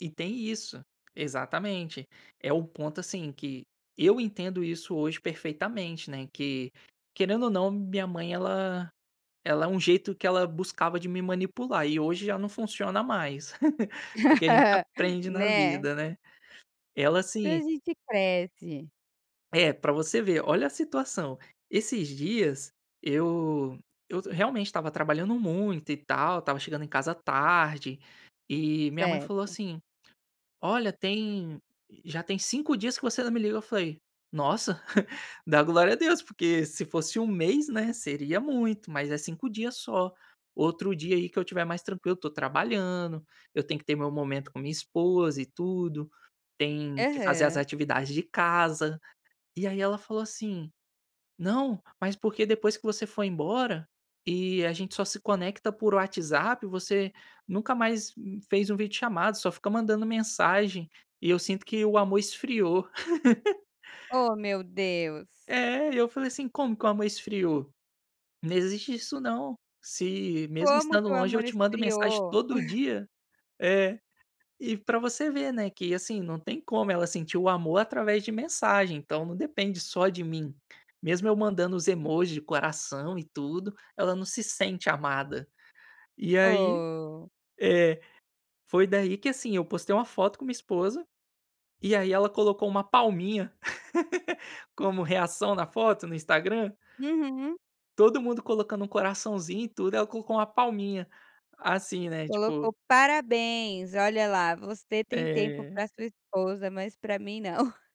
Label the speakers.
Speaker 1: E tem isso, exatamente. É o ponto, assim, que eu entendo isso hoje perfeitamente, né, que, querendo ou não, minha mãe, ela ela é um jeito que ela buscava de me manipular, e hoje já não funciona mais. Porque a gente aprende na
Speaker 2: Né.
Speaker 1: vida, né. Ela
Speaker 2: E a
Speaker 1: assim
Speaker 2: gente cresce.
Speaker 1: É para você ver, olha a situação. Esses dias, eu eu realmente estava trabalhando muito, e tal, estava chegando em casa tarde, e minha mãe falou,
Speaker 2: Certo.
Speaker 1: assim: "Olha tem já tem 5 dias que você não me liga". Eu falei: "Nossa, dá glória a Deus, porque se fosse 1 mês, né, seria muito, mas é 5 dias só. Outro dia aí que eu estiver mais tranquilo estou trabalhando, eu tenho que ter meu momento com minha esposa e tudo, tenho que fazer as
Speaker 2: Aham.
Speaker 1: atividades de casa". E aí ela falou assim: "Não, mas porque depois que você foi embora, e a gente só se conecta por WhatsApp, você nunca mais fez 1 videochamada, só fica mandando mensagem, e eu sinto que o amor esfriou".
Speaker 2: Oh meu Deus!
Speaker 1: É, e eu falei assim: "Como que o amor esfriou? Não existe isso não. Se, mesmo
Speaker 2: Como
Speaker 1: estando
Speaker 2: que o
Speaker 1: longe, eu
Speaker 2: amor
Speaker 1: te mando mensagem
Speaker 2: esfriou?
Speaker 1: todo dia". É, e para você ver, né, que, assim, não tem como ela sentir o amor através de mensagem, então não depende só de mim. Mesmo eu mandando os emoji de coração e tudo, ela não se sente amada. E aí,
Speaker 2: Oh.
Speaker 1: é foi daí, que, assim, eu postei uma foto com minha esposa, e aí ela colocou uma palminha, como reação na foto, no Instagram.
Speaker 2: Uhum.
Speaker 1: Todo mundo colocando um coraçãozinho e tudo, ela colocou uma palminha, assim, né,
Speaker 2: Colocou
Speaker 1: tipo
Speaker 2: parabéns, olha lá, você tem tempo
Speaker 1: É.
Speaker 2: para sua esposa, mas para mim não.